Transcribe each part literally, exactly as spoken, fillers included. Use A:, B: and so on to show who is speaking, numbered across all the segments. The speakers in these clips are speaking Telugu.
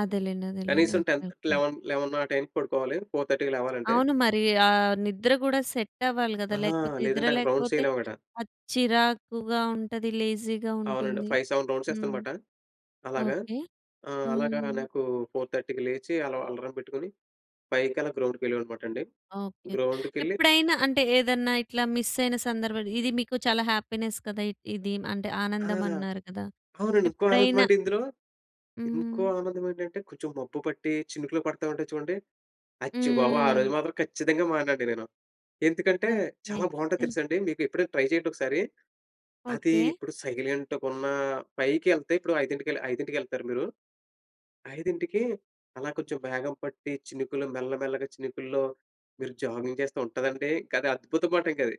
A: అదేలేండి. అదేలేండి.
B: కనీసం ten
A: okay.
B: Thirty,
A: okay.
B: Eleven eleven ఆ టైంకి పడుకోవాలి, ఫోర్ థర్టీ‌కి లేగవాలంటే.
A: అవును. మరీ ఆహ్, నిద్ర గూడా సెట్టవ్వాలి గదా!
B: ఆహా!
A: లేకపోతే, నిద్ర
B: లేదంటే, అక్కడ
A: లేకపోతే,
B: రౌండ్సెయ్యాలేమనమాట.
A: అది చిరాకుగా ఉంటది, లేజీ‌గా
B: అవునండొ.
A: ఉంటుంది.
B: ఫైవ్ సెవెన్
A: హ్మ్.
B: రౌండ్సేస్తానమాట. అలాగా.
A: ఓకే.
B: ఆహ్, అలాగా
A: హ్మ్.
B: నాకూ ఫోర్ థర్టీ‌కి లేచీ, అల అలారం పెట్టుకొని, ఫైవ్‌‌కలా గ్రౌండ్‌కెళ్ళేవాడినమాటండి.
A: ఓకే.
B: గ్రౌండుకెళ్ళి
A: ఎప్పుడైనా అంటే, ఏదన్నా ఇట్లా మిస్సయిన సందర్భాలు, ఇది మీకు చాలా హ్యాపీనెస్ కదా ఇ ఇది. అంటే,
B: ఆ!
A: ఆనందమన్నారు కదా!
B: అవునండి. ఇంకో
A: ఎప్పుడైనా
B: ఆనందమంటే ఇందులో
A: హ్మ్.
B: ఇంకో ఆనందమేంటంటే, కొంచుం మబ్బు పట్టీ, చినుకులు పడతా ఉంటాయి చూడండి, అచ్చి బాబో! ఆ రోజు
A: హ్మ్.
B: మాత్రం ఖచ్చితంగా మాననండి నేను. ఎందుకంటే,
A: ఓకే.
B: చాలా బావుంటది
A: టిన్
B: తెలుసాండి? మీకు ఎప్పుడైనా ట్రై చెయ్యండొకసారి. అదీ
A: ఓకే.
B: ఇప్పుడు సైలెంట్‌గున్నా పైకెళ్తే ఇప్పుడో ఐదింటికెళ్ ఐదింటికెళ్తారా మీరు? ఐదింటికి అలా కొంచుం మేఘం పట్టి చినుకులు, మెల్లమెల్లగా చినుకుల్లో మీరు జాగింగ్ చేస్తే ఉంటదండీ, ఇంకది అద్భుతమండింకది.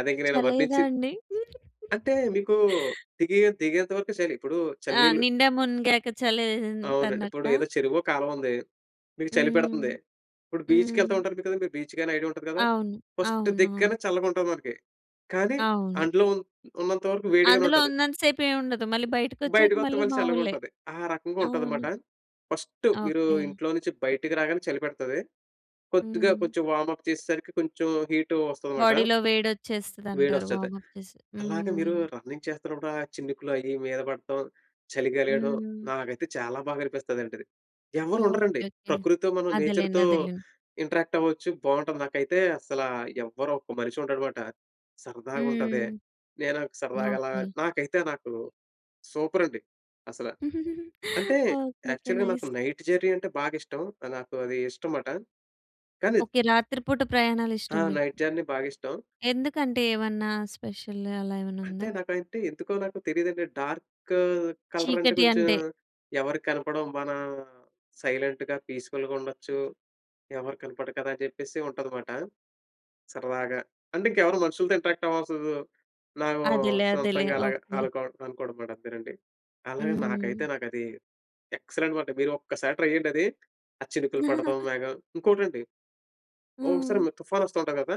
B: అదింక నేను
A: చలేయదా
B: వర్ణించి
A: అండి?
B: అంటే, మీకూ దిగే దిగేంత వరకే చలి. ఇప్పుడూ
A: ఆ!
B: చల్లనీళ్ళు
A: నిండా మునిగాక
B: అవునండి. ఇప్పుడు
A: చలేంటనట్టా?
B: ఏదో చెరువో, కాలవుంది. మీకు చలి
A: హ్మ్.
B: పెడతంది. ఇప్పుడు బీచ్‌కెళ్తా
A: హ్మ్.
B: ఉంటారు మి కదండి! బీచ్‌గైనా ఐడియా ఉంటది గదా!
A: అవును.
B: ఫస్ట్
A: అవునవును.
B: దిగగానే చల్లగుంటది మనకి. కానీ,
A: అవును.
B: అండులో ఉన్నంత వరకు వేడిగానే
A: అందులో
B: ఉంటది.
A: ఉన్నంత సేపు ఏవుండదు. మళ్ళీ బయటికొచ్చాక
B: బయటకొత్తే
A: మళ్ళీ
B: మళ్ళి
A: మావూలే.
B: చల్లగుంటది. ఆ రకంగా ఉంటదిమాట.
A: అవును.
B: ఫస్టు మీరూ
A: ఓకే.
B: ఇంట్లో నించి బయటికి రాగానే చలి పెడతది. కొద్దిగా,
A: హ్మ్.
B: కొంచెం వామప్ చేసేసరికి కొంచెం హీటూ వస్తది మాట.
A: బాడీ‌లో వేడొచ్చేస్తదంటారు,
B: వేడొస్తది.
A: వామప్ చేసి.
B: అలాగ మీరూ
A: హ్మ్.
B: రన్నింగ్ చేస్తనప్పుడు, ఆ చినుకులు అయ్యి మీద పడటం, చలిగా లేడం,
A: హ్మ్.
B: నాకైతే చాలా బాగా అనిపిస్తదంటది. ఎవ్వరుండరండి.
A: Okay, okay.
B: ప్రకృతితో మనం
A: అదేలేండి.
B: నేచర్‌తో
A: అదేలేండి.
B: ఇంటరాక్టవ్వొచ్చు, బావుంటది. నాకైతే అస్సలా ఎవ్వరొక్క మనిషి ఉండడుమాట. సరదాగుంటది.
A: హ్మ్.
B: నే నాకు సరదాగలా
A: ఓకే.
B: నాకైతే నాకు సూపరండి అసల. అంటే,
A: ఓకే. ఓకే.
B: యాక్చల్‌గా నాకు
A: నైస్.
B: నైట్ జెర్నీ అంటే బాగిష్టం. ఆహ్, నాకు అదీ ఇష్టం మాట. కాని ద్
A: ఓకే. రాత్రి పూట
B: ఆ!
A: ప్రయాణాలిష్టం మీకు.
B: నైట్ జర్నీ బాగిష్టం.
A: ఎందుకంటే, ఏవన్నా స్పెషల్ అలా
B: అంటే,
A: ఏవన్నుందా?
B: నాకయంటే, ఎందుకో నాకు తెలీదండి. డార్క్ కలరంటే
A: చీకటి
B: కొంచం,
A: అంటే
B: ఎవరికి కనపడం, మనం సైలెంట్‌గా, పీస్ఫుల్‌గుండొచ్చు. ఎవరు కనపడరు కదా! అని జెప్పేసి ఉంటది మాట. సరదాగా. అంటే, ఇంకెవరు మనుషులుతో ఇంటరాక్టవ్వవసరం లేదు. నాగో
A: అదేలే. అదేలే.
B: సొంతంగలాగ
A: ఓకే.
B: అలు‌కొ అనుకోడం‌మాటంతేనండి. అలాగే, నాకైతే,
A: హ్మ్.
B: నాకది ఎక్సలెంటనమాట. మీరు ఒక్కసారి ట్రై జెయ్యండది. ఆ చినుకులు పడతం, మేఘం. ఇంకోటండి, ఒ ఒకసారి
A: హ్మ్.
B: మీకు తుఫానొస్తా ఉంటది గదా!